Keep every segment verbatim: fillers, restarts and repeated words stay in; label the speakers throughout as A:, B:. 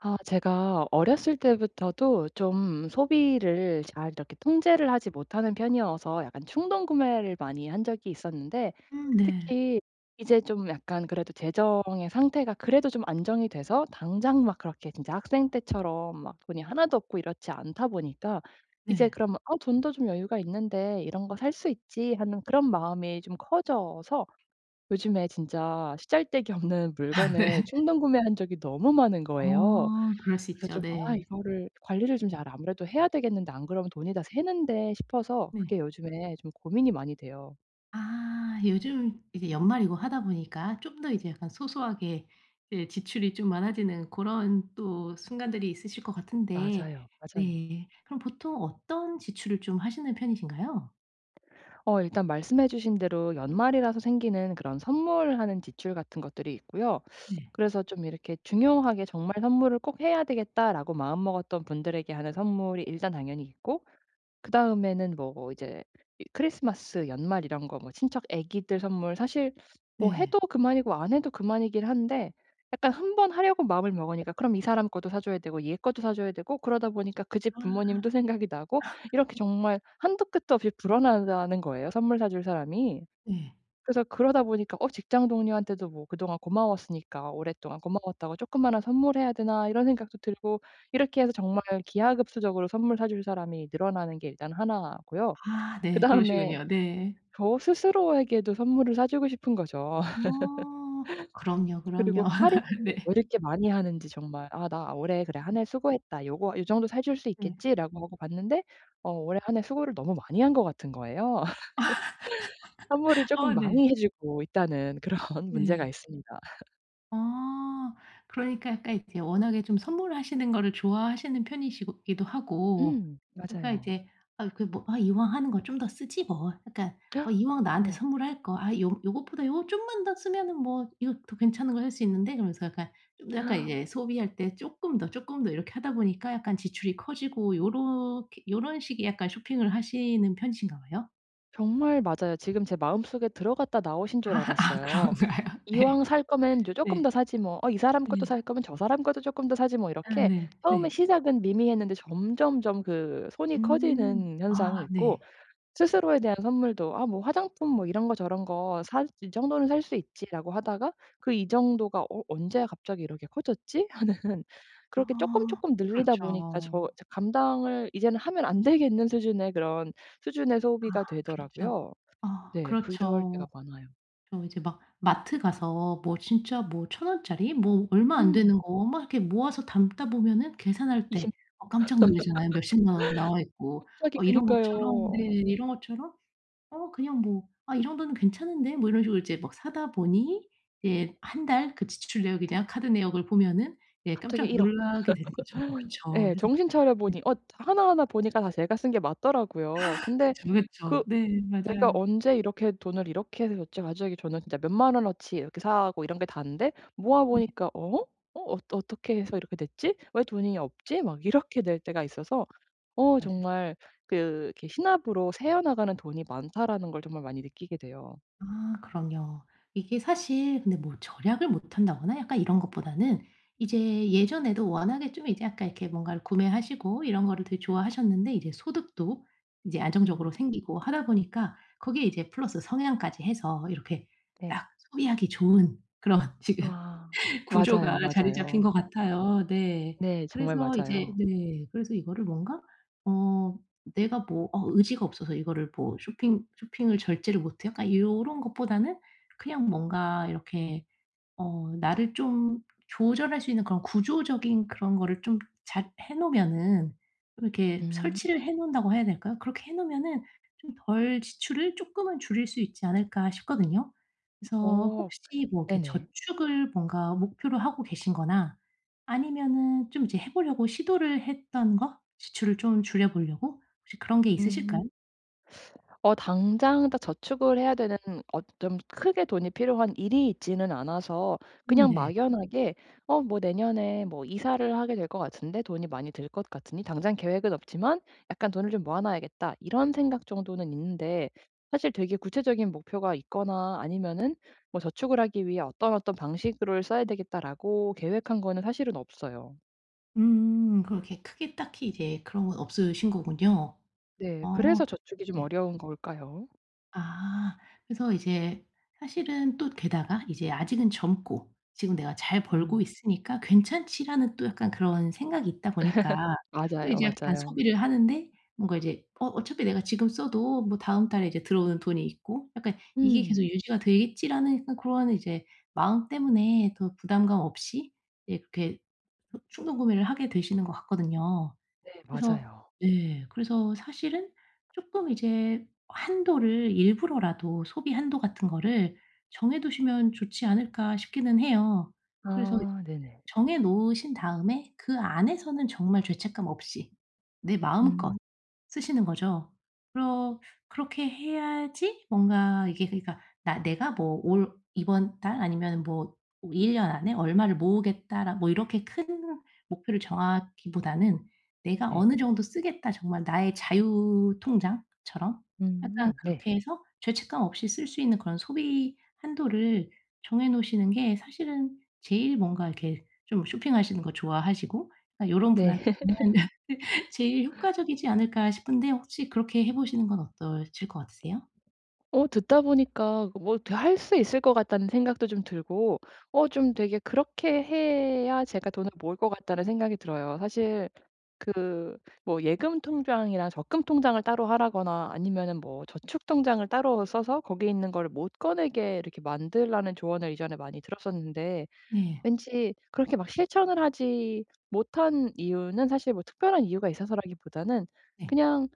A: 아 제가 어렸을 때부터도 좀 소비를 잘 이렇게 통제를 하지 못하는 편이어서 약간 충동구매를 많이 한 적이 있었는데
B: 음 네.
A: 특히 이제 좀 약간 그래도 재정의 상태가 그래도 좀 안정이 돼서 당장 막 그렇게 진짜 학생 때처럼 막 돈이 하나 도 없고 이렇지 않다 보니까 이제
B: 네.
A: 그러면 '아 돈도 좀 여유가 있는데 이런 거 살 수 있지.' 하는 그런 마음이 좀 커져서 요즘에 진짜 시잘데기 없는
B: 아 네.
A: 물건을 충동구매한 적이 너무 많은 거예요.
B: 아 그럴 수
A: 그래서
B: 있죠.
A: 좀 '아
B: 네.
A: 이거를 관리를 좀 잘 아무래도 해야 되겠는데. 안 그러면 돈이 다 새는데.' 싶어서
B: 네.
A: 그게 요즘에 좀 고민이 많이 돼요.
B: 아 요즘 이게 연말이고 하다 보니까 좀 더 이제 약간 소소하게 이 지출이 좀 많아지는 고런 또 순간들이 있으실 것 같은데
A: 맞아요, 맞아요.
B: 네. 그럼 보통 어떤 지출을 좀 하시는 편이신가요?
A: 어 일단 말씀해 주신 대로 연말이라서 생기는 그런 선물하는 지출 같은 것들이 있고요.
B: 네.
A: 그래서 좀 이렇게 중요하게 정말 '선물을 꼭 해야 되겠다.'라고 마음먹었던 분들에게 하는 선물이 일단 당연히 있고 그다음에는 뭐 이제 이 크리스마스 연말 이런 거 뭐 친척 아기들 선물 사실 뭐 해도
B: 네.
A: 그만이고 안 해도 그만이긴 한데 약간 한 번 하려고 마음을 먹으니까 그럼 이 사람 것도 사줘야 되고 얘 것도 사줘야 되고 그러다 보니까 그 집
B: 아.
A: 부모님도 생각이 나고 이렇게
B: 네.
A: 정말 한도 끝도 없이 불어난다는 거예요, 선물 사줄 사람이.
B: 예.
A: 그래서 그러다 보니까 '어 직장 동료한테도 뭐 그동안 고마웠으니까 오랫동안 고마웠다고 쪼끄만한 선물해야 되나.' 이런 생각도 들고 이렇게 해서 정말 기하급수적으로 선물 사줄 사람이 늘어나는 게 일단 하나 고요.
B: 아 네.
A: 그다음에
B: 그러시군요. 네.
A: 저 스스로에게도 선물을 사주고 싶은 거죠.
B: 어 그럼요,
A: 그리고
B: 그럼요.
A: 할인은 또 왜
B: 네.
A: 이렇게 많이 하는지 정말 '아 나 올해 그래 한
B: 음.
A: 해 수고했다. 요거 요 정도 사줄 수
B: 네.
A: 있겠지.'라고 하고 봤는데 어 올 한 해 수고를 너무 많이 한 것 같은 거예요. 선물을 쪼끔
B: 아 네.
A: 많이 해 주고 있다는 그런 문제가
B: 예.
A: 있습니다.
B: 아 그러니까 약간 이제 워낙에 좀 선물하시는 거를 좋아하시는 편이시고 기도 하고
A: 음
B: 그러니까
A: 맞아요.
B: 이제 아 그 뭐 아 '이왕 하는 거 좀 더 쓰지 뭐. 약간 어 이왕 나한테
A: 어머.
B: 선물할 거 아 요 요것보다 요거 좀만 더 쓰면은 뭐 이거 더 괜찮은 거 할 수 있는데.' 그러면서 약간 좀 약간 이제 소비할 때 쪼끔 더, 쪼끔 더 이렇게 하다 보니까 약간 지출이 커지고 요렇게 요런 식의 약간 쇼핑을 하시는 편이신가 봐요.
A: 정말 맞아요. 지금 제 마음속에 들어갔다 나오신
B: 아
A: 줄
B: 아
A: 알았어요.
B: 그런가요? 네.
A: '이왕 살 거면 요 쪼끔
B: 네.
A: 더 사지 뭐. 어 이 사람 것도
B: 네.
A: 살 거면 저 사람 것도 쪼끔 더 사지 뭐.'
B: 아
A: 이렇게
B: 네.
A: 처음에
B: 네.
A: 시작은 미미했는데 점점점 그 손이
B: 음.
A: 커지는 현상이
B: 아
A: 있고
B: 네.
A: 스스로에 대한 선물도 '아 뭐 화장품 뭐 이런 거 저런 거 살 이 정도는 살 수 있지.'라고 하다가 그 이 정도가 '어 언제 갑자기 이렇게 커졌지?' 하는 그렇게
B: 아
A: 쪼끔쪼끔 늘리다 보니까 저
B: 그렇죠.
A: 이제 감당을 이제는 하면 안 되겠는 수준의 그런 수준의
B: 아
A: 소비가
B: 그렇죠.
A: 되더라고요.
B: 아
A: 네 그럴 때가
B: 그렇죠.
A: 많아요.
B: 저 이제 막 마트 가서 뭐 진짜 뭐 천 원짜리 뭐 얼마 안
A: 음.
B: 되는 거 막 이렇게 모아서 담다 보면은 계산할
A: 이십
B: 때 아 깜짝 놀라잖아요, 몇 십만 원 나와있고.
A: 갑자기
B: 어 이런 것처럼 네
A: 그러니까요.
B: 이런 것처럼 '어 그냥 뭐 아 이 정도는 괜찮은데?' 뭐 이런 식으로 이제 막 사다 보니 이제 한 달 그 지출 내역에 대한 카드 내역을 보면은 예
A: 갑자기
B: 깜짝
A: 일억
B: 놀라게 되는 거죠. 그렇죠.
A: 예
B: 그래서
A: 정신
B: 네.
A: 차려보니 엇 하나하나 보니까 다 제가 쓴 게 맞더라고요. 근데
B: 그쵸, 그쵸.
A: 그
B: 네
A: 내가
B: 맞아요.
A: 언제 이렇게 돈을 이렇게 해서 어찌 갑자기 저는 진짜 몇 만 원어치 이렇게 사고 이런 게 다인데
B: 네.
A: 모아보니까 '어? 어 어 어떻게 해서 이렇게 됐지? 왜 돈이 없지?' 막 이렇게 될 때가 있어서 어
B: 맞아요.
A: 정말 그 '이렇게 시나브로 새어나가는 돈이 많다.'라는 걸 정말 많이 느끼게 돼요.
B: 아 그럼요. 이게 사실 근데 뭐 절약을 못 한다거나 약간 이런 것보다는 이제 예전에도 워낙에 좀 이제 아까 이렇게 뭔가를 구매하시고 이런 거를 되게 좋아하셨는데 이제 소득도 인제
A: 음.
B: 안정적으로 생기고 하다 보니까 거기에 이제 플러스 성향까지 해서 이렇게
A: 네.
B: 딱 소비하기 좋은 그런 지금
A: 아
B: 구조가
A: 맞아요,
B: 자리 잡힌 것
A: 맞아요.
B: 같아요. 네.
A: 네 정말
B: 그래서 이제
A: 맞아요.
B: 네. 그래서 이거를 뭔가 어 '내가 뭐 어 의지가 없어서 이거를 뭐 쇼핑 쇼핑을 절제를 못 해.' 약간 요런 것보다는 그냥 뭔가 이렇게 어 나를 좀 조절할 수 있는 그런 구조적인 그런 거를 좀 잘 해 놓으면은 이렇게
A: 음.
B: 설치를 해 놓는다고 해야 될까요? 그렇게 해 놓으면은 좀 덜 지출을 쪼끔은 줄일 수 있지 않을까 싶거든요. 그래서
A: 어.
B: 혹시 뭐 이렇게
A: 네네.
B: 저축을 뭔가 목표로 하고 계신 거나 아니면은 좀 이제 해 보려고 시도를 했던 거, 지출을 좀 줄여보려고. 혹시 그런 게
A: 음.
B: 있으실까요?
A: 어 당장 다 저축을 해야 되는 어 좀 크게 돈이 필요한 일이 있지는 않아서
B: 음
A: 그냥
B: 네.
A: 막연하게 '어 뭐 내년에 뭐 이사를 하게 될 것 같은데 돈이 많이 들 것 같으니 당장 계획은 없지만 약간 돈을 좀 모아 놔야겠다.' 이런 생각 정도는 있는데 사실 되게 구체적인 목표가 있거나 아니면은 뭐 '저축을 하기 위해 어떤, 어떤 방식으로 써야 되겠다.'라고 계획한 거는 사실은 없어요.
B: 음 그렇게 크게 딱히 이제 그런 건 없으신 거군요.
A: 네. 그래서
B: 어
A: 저축이 좀
B: 예.
A: 어려운 걸까요?
B: 아. 그래서 이제 사실은 또 게다가 이제 아직은 젊고 '지금 내가 잘 벌고
A: 음.
B: 있으니까 괜찮지.'라는 또 약간 그런 생각이 있다 보니까 또
A: 맞아요,
B: 이제 약간
A: 맞아요.
B: 소비를 하는데 뭔가 이제 '어 어차피 내가 지금 써도 뭐 다음 달에 이제 들어오는 돈이 있고 약간 이게
A: 음.
B: 계속 유지가 되겠지.'라는 약간 고런 이제 마음 때문에 더 부담감 없이 예 그렇게 충동구매를 하게 되시는 것 같거든요.
A: 네
B: 그래서
A: 맞아요.
B: 네 그래서 사실은 쪼끔 '이제 한도를 일부러라도 소비 한도 같은 거를 정해 두시면 좋지 않을까?' 싶기는 해요. 그래서 이
A: 아 네네.
B: 정해 놓으신 다음에 그 안에서는 정말 죄책감 없이 내 마음껏
A: 음.
B: 쓰시는 거죠. 그러 그렇게 해야지 뭔가 이게 그러니까 '나 내가 뭐 올 이번 달 아니면은 뭐 일 년 안에 얼마를 모으겠다.'라 뭐 이렇게 큰 목표를 정하기보다는 '내가
A: 네.
B: 어느 정도 쓰겠다 정말 나의 자유 통장처럼.' 약간
A: 음. 네.
B: 그렇게 해서 죄책감 없이 쓸 수 있는 그런 소비 한도를 정해 놓으시는 게 사실은 제일 뭔가 이렇게 좀 쇼핑하시는 거 좋아하시고 아 요런
A: 네.
B: 분한테는 '제일 효과적이지 않을까?' 싶은데 혹시 그렇게 해 보시는 건 어떠실 것 같으세요?
A: 어 듣다 보니까 뭐 되 할 수 있을 것 같다는 생각도 좀 들고 어 좀 되게 그렇게 해야 제가 돈을 모을 것 같다는 생각이 들어요. 사실 그 뭐 예금 통장이랑 적금 통장을 따로 하라거나 아니면은 뭐 저축 통장을 따로 써서 거기에 있는 거를 못 꺼내게 이렇게 만들라는 조언을 이전에 많이 들었었는데
B: 네.
A: 왠지 그렇게 막 실천을 하지 못한 이유는 사실 뭐 특별한 이유가 있어서라기보다는
B: 네.
A: 그냥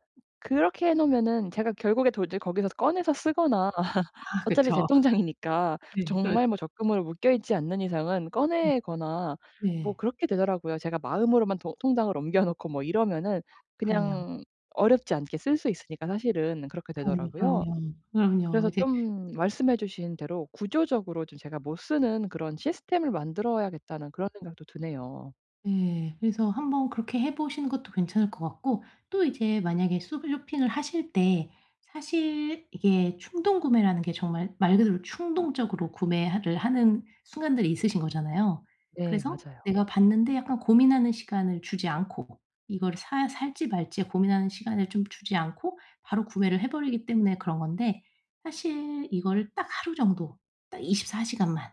A: 그렇게 해 놓으면은 제가 결국에 돈을 거기서 꺼내서 쓰거나
B: 아
A: 어차피 제
B: 그쵸.
A: 통장이니까
B: 네. 그렇죠.
A: 정말 뭐 적금으로 묶여 있지 않는 이상은
B: 예.
A: 꺼내거나 뭐
B: 네.
A: 그렇게 되더라고요. 제가 마음으로만 도 통장을 옮겨 놓고 뭐 이러면은
B: 그럼요.
A: 그냥 어렵지 않게 쓸 수 있으니까 사실은 그렇게
B: 그럼요,
A: 되더라고요.
B: 그럼요. 그럼요.
A: 그래서
B: 이제
A: 좀 말씀해 주신 대로 구조적으로 좀 제가 못 쓰는 그런 시스템을 만들어야겠다는 그런 생각도 드네요.
B: 네. 그래서 한번 그렇게 해 보시는 것도 괜찮을 것 같고 또 이제 만약에 쇼 쇼핑을 하실 때 사실 이게 충동구매라는 게 정말 말 그대로 충동적으로 구매 하를 하는 순간들이 있으신 거잖아요.
A: 네
B: 그래서
A: 맞아요.
B: 내가 봤는데 약간 고민하는 시간을 주지 않고 이걸 사 살지 말지 고민하는 시간을 좀 주지 않고 바로 구매를 해 버리기 때문에 그런 건데 사실 이거를 '딱 하루 정도 딱 이십사 시간만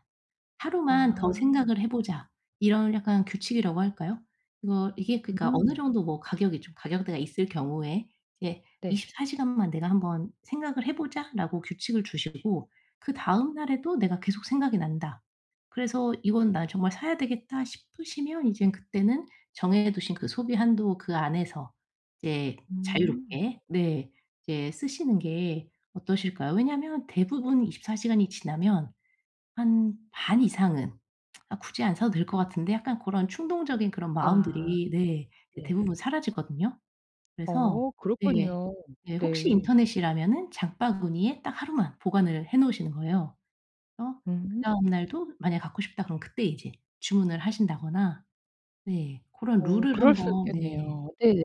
B: 하루만 더
A: 아.
B: 생각을 해보자.' 이런 약간 규칙이라고 할까요? 이거 이게 그러니까
A: 음
B: 어느
A: 네.
B: 정도 뭐 가격이 좀 가격대가 있을 경우에 이제
A: 네.
B: '이십사 시간만 내가 한번 생각을 해보자.'라고 규칙을 주시고 그다음 날에도 '내가 계속 생각이 난다.' 그래서 '이건 나 정말 사야 되겠다.' 싶으시면 이젠 그때는 정해두신 그 소비 한도 그 안에서 이제
A: 음.
B: 자유롭게 네 이제 쓰시는 게 어떠실까요? 왜냐하면 대부분 이십사 시간이 지나면 한 반 이상은 '아 굳이 안 사도 될 것 같은데.' 약간 고런 충동적인 그런
A: 아.
B: 마음들이 네 이
A: 네.
B: 대부분 사라지거든요. 그래서
A: 어
B: 네.
A: 그렇군요.
B: 네. 혹시
A: 네.
B: 인터넷이라면은 장바구니에 딱 하루만 보관을 해 놓으시는 거예요. 그래서
A: 음.
B: 그다음 날도 만약 '갖고 싶다.' 그러면 그때 이제 주문을 하신다거나 네. 고런
A: 어
B: 룰을
A: 그럴 수
B: 한번 네.
A: 있겠네요. 네네.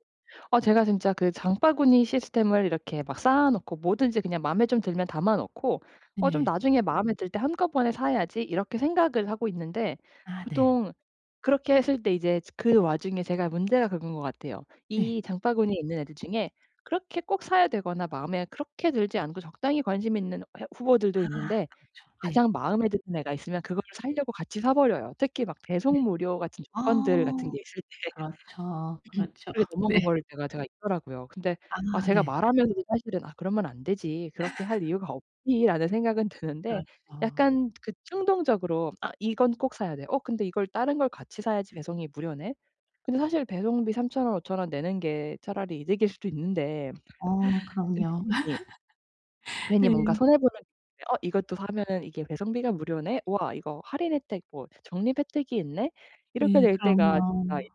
A: 아 제가 진짜 그 장바구니 시스템을 이렇게 막 쌓아 놓고 뭐든지 그냥 마음에 좀 들면 담아 놓고 어 좀
B: 네.
A: '나중에 마음에 들 때 한꺼번에 사야지.' 이렇게 생각을 하고 있는데
B: 아 네.
A: 보통 그렇게 했을 때 이제 저 그 와중에 제가 문제가 그건 거 같아요.
B: 네.
A: 이 장바구니에 있는 애들 중에 그렇게 꼭 사야 되거나 마음에 그렇게 들지 않고 적당히 관심이 있는 해 후보들도
B: 아
A: 있는데
B: 그렇죠. 네.
A: 가장 마음에 드는 애가 있으면 그거를 사려고 같이 사버려요. 특히 막
B: 네.
A: 배송 무료 같은
B: 아.
A: 조건들 같은 게 있을 때
B: 그렇죠, 그렇죠.
A: 그렇게
B: 네.
A: 넘어가 버릴 때가 제가 있더라고요. 근데 아
B: 아
A: 제가
B: 네.
A: 말하면서도 사실은 '아 그러면 안 되지. 그렇게 할 이유가 없지.'라는 생각은 드는데
B: 그렇죠.
A: 약간 그 충동적으로 '아 이건 꼭 사야 돼. 어 근데 이걸 다른 걸 같이 사야지 배송이 무료네.' 근데 사실 배송비 삼천 원, 오천 원 내는 게 차라리 이득일 수도 있는데
B: 어 그럼요.
A: 근데. [unintelligible] 괜히 뭔가
B: 네.
A: 손해 보는 느낌에 어 '이것도 사면은 이게 배송비가 무료네. 우와 이거 할인 혜택 뭐 적립 혜택이 있네.' 이렇게
B: 네
A: 될 때가
B: 그럼요.
A: 제가 있어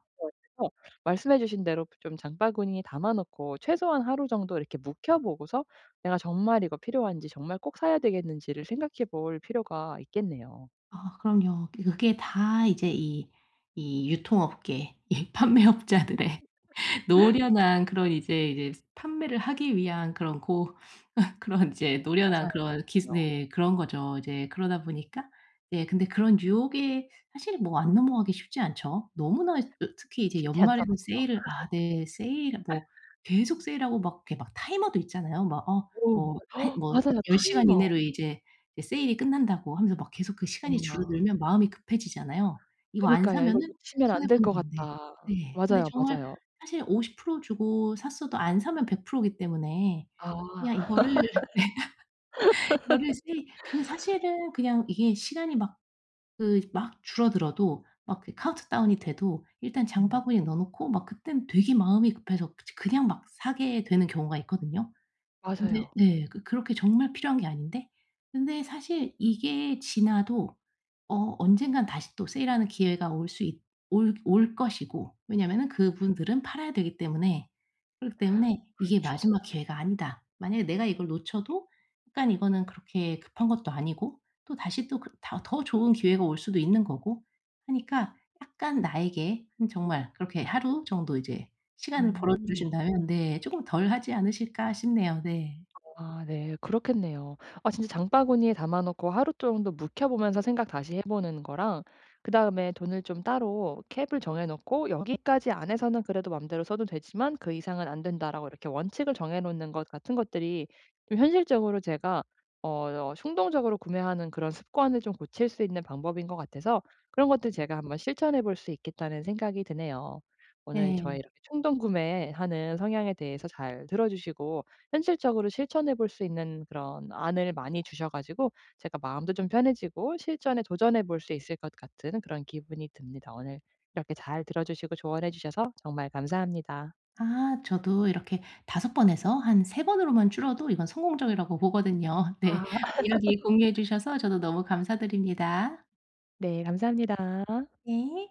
A: 가지고 말씀해 주신 대로 좀 장바구니에 담아 놓고 최소한 하루 정도 이렇게 묵혀 보고서 '내가 정말 이거 필요한지, 정말 꼭 사야 되겠는지.'를 생각해 볼 필요가 있겠네요.
B: 아 그럼요. 그 그게 다 이제 이 이 유통업계 이 판매업자들의 노련한 그런 이제 이제 판매를 하기 위한 그런 고 그런 이제 노련한
A: 맞아요.
B: 그런 기술
A: [unintelligible]
B: 네 그런 거죠, 이제 그러다 보니까 예 근데 그런 유혹에 사실은 뭐 안 넘어가기 쉽지 않죠. 너무나 이 어 특히 이제
A: 쉽지
B: 연말에는
A: 않더라고요.
B: 세일을 아 네 세일 뭐 계속 세일하고 막 이렇게 막 타이머도 있잖아요. 막 어
A: 오. [unintelligible]
B: 뭐 한
A: 어
B: 뭐
A: 맞아요.
B: '열 시간
A: 타이머.
B: 이내로 이제 이 세일이 끝난다.'고 하면서 막 계속 그 시간이
A: 어머나,
B: 줄어들면
A: 어머나.
B: 마음이 급해지잖아요. 이거 안
A: 그니까요.
B: 사면은
A: '이걸 놓치면 안
B: 손해
A: 될
B: 보는
A: 것
B: 건데.
A: 같다.'
B: 네. 근데
A: 맞아요,
B: 정말
A: 맞아요.
B: 사실 오십 프로 주고 샀어도 안 사면 백 프로 기 때문에 그냥
A: 아.
B: 이거를 이거를 세일 그 사실은 그냥 이게 시간이 막 그 막 줄어들어도 막 그 카운트다운이 돼도 일단
A: 음.
B: 장바구니에 넣어 놓고 막 그때는 되게 마음이 급해서 저 그냥 막 사게 되는 경우가 있거든요. 근데
A: 맞아요.
B: 네 그 그렇게 정말 필요한 게 아닌데. 근데 사실 이게 지나도 어 언젠가 다시 또 세일하는 기회가 올 수 있 올 올 것이고 왜냐하면은 그분들은 팔아야 되기 때문에 그렇기 때문에 '이게
A: 그렇죠.
B: 마지막 기회가 아니다.' 만약에 내가 이걸 놓쳐도 약간 이거는 그렇게 급한 것도 아니고 또다시 또 그 다 더 좋은 기회가 올 수도 있는 거고 하니까 약간 나에게 정말 그렇게 하루 정도 이제 시간을
A: 음.
B: 벌어주신다면 네 쪼끔 덜 하지 않으실까 싶네요. 네.
A: 아 네 그렇겠네요. 아 진짜 장바구니에 담아 놓고 하루 정도 묵혀 보면서 생각 다시 해 보는 거랑 그다음에 돈을 좀 따로 cap을 정해 놓고 '여기까지 안에서는 그래도 맘대로 써도 되지만 그 이상은 안된다.'라고 이렇게 원칙을 정해 놓는 것 같은 것들이 좀 현실적으로 제가 어 어 충동적으로 구매하는 그런 습관을 좀 고칠 수 있는 방법인 것 같아서 그런 것들 제가 '한번 실천해 볼 수 있겠다.'는 생각이 드네요. 오늘 저의
B: 네.
A: 이렇게 충동 구매하는 성향에 대해서 잘 들어주시고 현실적으로 실천해 볼 수 있는 그런 안을 많이 주셔 가지고 제가 마음도 좀 편해지고 실전에 도전해 볼 수 있을 것 같은 그런 기분이 듭니다. 오늘 이렇게 잘 들어주시고 조언해 주셔서 정말 감사합니다.
B: 아. 저도 이렇게 다섯 번에서 한 세 번으로만 줄어도 이건 성공적이라고 보거든요. 네.
A: 아.
B: 이야기 공유해 주셔서 저도 너무 감사드립니다.
A: 네 감사합니다.
B: 네.